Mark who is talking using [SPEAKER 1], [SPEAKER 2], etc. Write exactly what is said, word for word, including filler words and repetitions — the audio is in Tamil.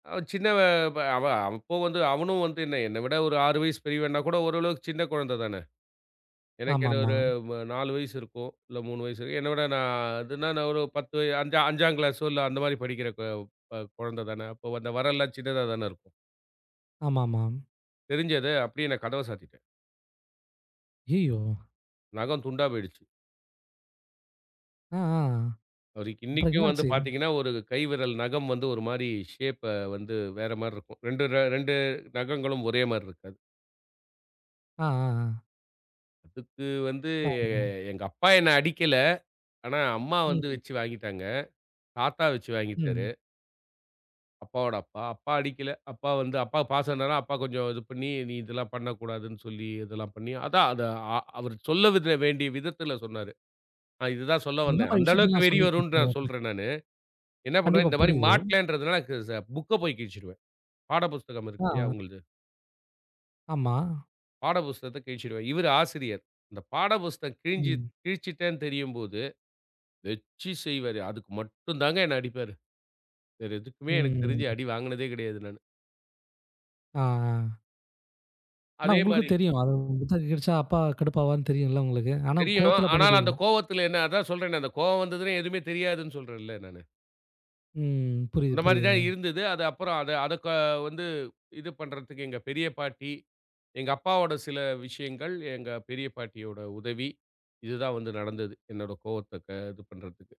[SPEAKER 1] அவன் சின்னவன், ப அவன் அப்போ வந்து அவனும் வந்து என்ன, என்ன விட ஒரு ஆறு வயசு பெரியவன்னா கூட ஓரளவுக்கு சின்ன கொழந்த தான. எனக்கு என்ன
[SPEAKER 2] ஆமாமா.
[SPEAKER 1] ஒரு வ் நாலு வயசு இருக்கும். இல்ல மூணு வயசு. என்ன விட நா அதுன்னா நா ஒரு பத்து, அஞ்சு, அஞ்சாம் கிளாஸோ இல்ல, அந்த மாரி படிக்கிற க ப கொழந்தை தான. அப்போ அந்த வெரல்லாம் சின்னதா தான இருக்கும்.
[SPEAKER 2] ஆமாமாம்.
[SPEAKER 1] தெரிஞ்சது, அப்டியே நா கதவ சாத்திட்டேன்.
[SPEAKER 2] ஐய்யய்யோ!
[SPEAKER 1] நகம் துண்டா போய்டுச்சு.
[SPEAKER 2] அ ஆ.
[SPEAKER 1] அவருக்கு
[SPEAKER 2] அப்புறம் என்ன
[SPEAKER 1] இன்னைக்கும் வந்து
[SPEAKER 2] ஆச்சு?
[SPEAKER 1] பார்த்தீங்கன்னா, ஒரு கை விரல் நகம் வந்து ஒரு மாரி ஷேப்ப வந்து வேற மாரி இருக்கும். ரெண்டு ர ரெண்டு நகங்களும் ஒரே மாரி இருக்காது.
[SPEAKER 2] அ, ஆ, ஆ.
[SPEAKER 1] அதுக்கு வந்து
[SPEAKER 2] [unintelligible]
[SPEAKER 1] எங்க அப்பா என்ன அடிக்கல. ஆனா, அம்மா வந்து
[SPEAKER 2] ம்.
[SPEAKER 1] வச்சு வாங்கிட்டாங்க. தாத்தா வச்சு வாங்கிட்டாரு.
[SPEAKER 2] ம்.
[SPEAKER 1] அப்பாவோட அப்பா. அப்பா அடிக்கல. அப்பா வந்து, அப்பா பாசம்னால அப்பா கொஞ்சம் இது பண்ணி, நீ இதெல்லாம் பண்ணக்கூடாதுன்னு சொல்லி இதெல்லாம் பண்ணி, அதான் அத ஆ அவரு சொல்லவித வேண்டிய விதத்தில சொன்னாரு. நா இதுதான் சொல்ல
[SPEAKER 2] எந்த
[SPEAKER 1] வந்தேன்.
[SPEAKER 2] மாரி
[SPEAKER 1] அந்த அளவுக்கு
[SPEAKER 2] விஷயத்தல்லாம்
[SPEAKER 1] வெறி
[SPEAKER 2] சொல்லி
[SPEAKER 1] வருன்ட்டு நா
[SPEAKER 2] [unintelligible]
[SPEAKER 1] சொல்றேன் நானு. என்னா பண்ணுவேன்,
[SPEAKER 2] கண்டிப்பா,
[SPEAKER 1] இந்த மாரி
[SPEAKER 2] புரியுது.
[SPEAKER 1] மாட்டலன்றதுனால க ச புக்க போய் கிழிச்சுடுவேன். பாட புஸ்தகம்
[SPEAKER 2] ஆ.
[SPEAKER 1] இருக்கு இல்லையா
[SPEAKER 2] ஆ.
[SPEAKER 1] அவுங்களள்து.
[SPEAKER 2] ஆமா.
[SPEAKER 1] பாட புஸ்தகத்த கிழிச்சிடுவேன். இவரு ஆசிரியர். இந்த பாட புஸ்தகம் கிழிஞ்சு
[SPEAKER 2] ம்.
[SPEAKER 1] கிழிச்சுட்டேன்னு தெரியும்போது, வெச்சு செய்வாரு. அதுக்கு மட்டும் தாங்க, என்னை அடிப்பாரு. வேறு எதுக்குமே எனக்கு
[SPEAKER 2] ம்.
[SPEAKER 1] தெரிஞ்சு அடி வாங்குனதே கிடையாது நானு.
[SPEAKER 2] ஆ, ஆ. ஆனா
[SPEAKER 1] அதே
[SPEAKER 2] உங்களுக்கும்
[SPEAKER 1] மாரி
[SPEAKER 2] தெரியும். அது [unintelligible] கெடைச்சா அப்பா கடுப்பாவார்னு தெரியும்ல உங்களுக்கு? ஆனா
[SPEAKER 1] தெரியும்.
[SPEAKER 2] கோவத்தில
[SPEAKER 1] ஆனால் அந்த
[SPEAKER 2] பண்ணிடுவீங்க.
[SPEAKER 1] கோவத்தில என்ன அதான் சொல்றேனே, அந்த கோவம் வந்ததுன்னா எதுவுமே தெரியாதுன்னு சொல்றேன்ல நானு.
[SPEAKER 2] ம். புரியுது,
[SPEAKER 1] அந்த மாரி தான்
[SPEAKER 2] புரியுதுங்க.
[SPEAKER 1] இருந்தது. அது அப்புறம் அத அத க வந்து இது பண்றதுக்கு எங்க பெரிய பாட்டி எங்க அப்பாவோட சில விஷயங்கள், எங்க பெரிய பாட்டியோட உதவி, இதுதான் வந்து நடந்தது என்னோட கோவத்தை க இது பண்றதுக்கு.